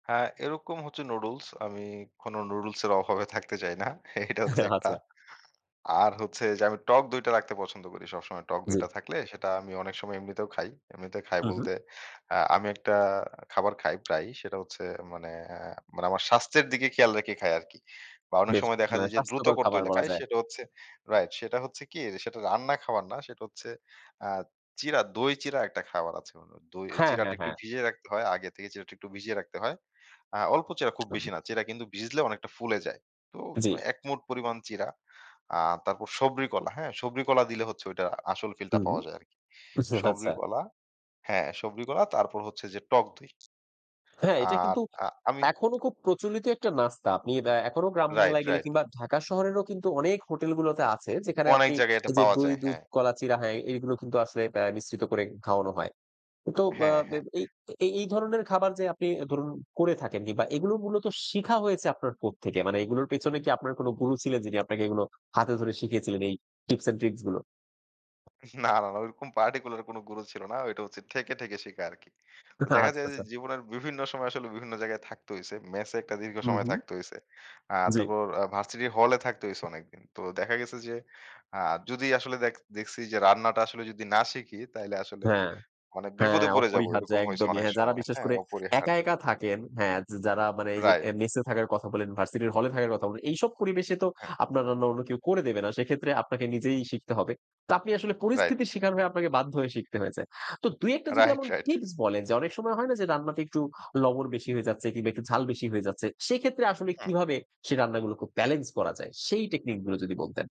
হ্যাঁ, এরকম হচ্ছে নুডুলস। আমি কোন নুডুলসের অভাবে থাকতে চাই না। এটা হচ্ছে একটা! আচ্ছা। আর হচ্ছে যে আমি টক দইটা রাখতে পছন্দ করি সবসময় টক জি। দইটা থাকলে সেটা আমি অনেক সময় এমনিতেও খাই। এমনিতে খাই উহুম। বলতে আ আমি একটা খাবার খাই প্রায়ই। সেটা হচ্ছে মানে আ মানে আমার স্বাস্থ্যের দিকে খেয়াল রেখে খাই আরকি। বা অনেক বেশ! সময় দেখা মানে, যায় যে দ্রুত স্বাস্থ্যকর করতে খাবার হইলে বলা খাই যায়। সেটা হচ্ছে রাইট। সেটা হচ্ছে কি? সেটা রান্না খাবার না, সেটা হচ্ছে আ চিড়া দই চিড়া একটা খাবার আছে। দই, হ্যাঁ, চিড়াটা হ্যাঁ, একটু হ্যাঁ। ভিজিয়ে রাখতে হয়। আগে থেকে চিড়াটা একটু ভিজিয়ে রাখতে হয়। আ অল্প চিড়া খুব বেশি না। চিড়া কিন্তু ভিজলে অনেকটা ফুলে যায়। তো জি। একমুঠ পরিমাণ চিড়া। আ তারপর সবরি কলা, হ্যাঁ? সবরি কলা দিলে হচ্ছে ওইটার আসল ফিলটা হুম। পাওয়া যায় আরকি। সবরি আচ্ছা। কলা হ্যাঁ, সবরি কলা তারপর হচ্ছে যে, টক দই। হ্যাঁ, এটা আর কিন্তু? আ আমি এখনো খুব প্রচলিত একটা নাস্তা। আপনি বে এখনো গ্রাম রাইট, বাংলায় গেলে রাইট। কিংবা ঢাকা শহরেরও কিন্তু অনেক হোটেল গুলোতে আছে, যেখানে অনেক আপনি জায়গায় এটা এইযে পাওয়া দই, যায়। দুধ, হ্যাঁ। কলা, চিড়া হ্যাঁ, এইগুলো কিন্তু আসলে বেয় মিশ্রিত করে খাওয়ানো হয়। তো আ হ্যাঁ, হ্যাঁ। এই এই এই ধরনের খাবার যে আপনি ধরুন করে থাকেন কিংবা এইগুলো মূলত শিখা হয়েছে আপনার কোত্থেকে? মানে এগুলোর পেছনে কি আপনার কোন গুরু ছিলেন? যিনি আপনাকে এগুলো হাতে ধরে শিখিয়েছিলেন, এই টিপস অ্যান্ড ট্রিকসগুলো? না, না, না ঐরকম particular কোন গুরো ছিল না। ওইটা হচ্ছে ঠেকে, ঠেকে শিখা আরকি। তো আচ্ছা, দেখা আচ্ছা, যায় যে আচ্ছা। জীবনের বিভিন্ন সময় আসলে বিভিন্ন জায়গায় থাকতে হইছে। মেসে একটা দীর্ঘ হুম, সময় হুম। থাকতে হইছে। আ জি। তারপর আ ভার্সিটির হলে থাকতে হইছে অনেকদিন। তো দেখা গেছে যে, আ যদি আসলে দেখ, দেখছি যে রান্নাটা আসলে যদি না শিখি তাইলে আসলে, হ্যাঁ। মানে হ্যাঁ, বিপদে পড়ে যাবো। অপরিহার্য এরকম হইছে একদমই। অনেক হ্যাঁ, যারা সময়। বিশ্বাস হ্যাঁ! করে একা অপরিহার্য। একা থাকেন, হ্যাঁ, যা যারা মানে এইযে রাইট। মেসে থাকার কথা বলেন, ভার্সিটির হলে থাকার কথা বলেন। এইসব পরিবেশে তো হ্যাঁ। আপনার রান্না অন্য কেউ করে দেবে না। সেক্ষেত্রে আপনাকে নিজেই শিখতে হবে। তো আপনি আসলে রাইট। পরিস্থিতির শিকার হয়ে আপনাকে বাধ্য হয়ে শিখতে হয়েছে। তো ২-১ টা যদি রাইট, এমন রাইট। টিপস বলেন, যে অনেক সময় হয়না যে রান্নাটা একটু লবণ বেশি হয়ে যাচ্ছে কিংবা একটু ঝাল বেশি হয়ে যাচ্ছে। সেক্ষেত্রে আসলে হুম। কিভাবে, সে রান্নাগুলো খুব বেলেন্স করা যায়? সেই টেকনিক গুলো যদি বলতেন।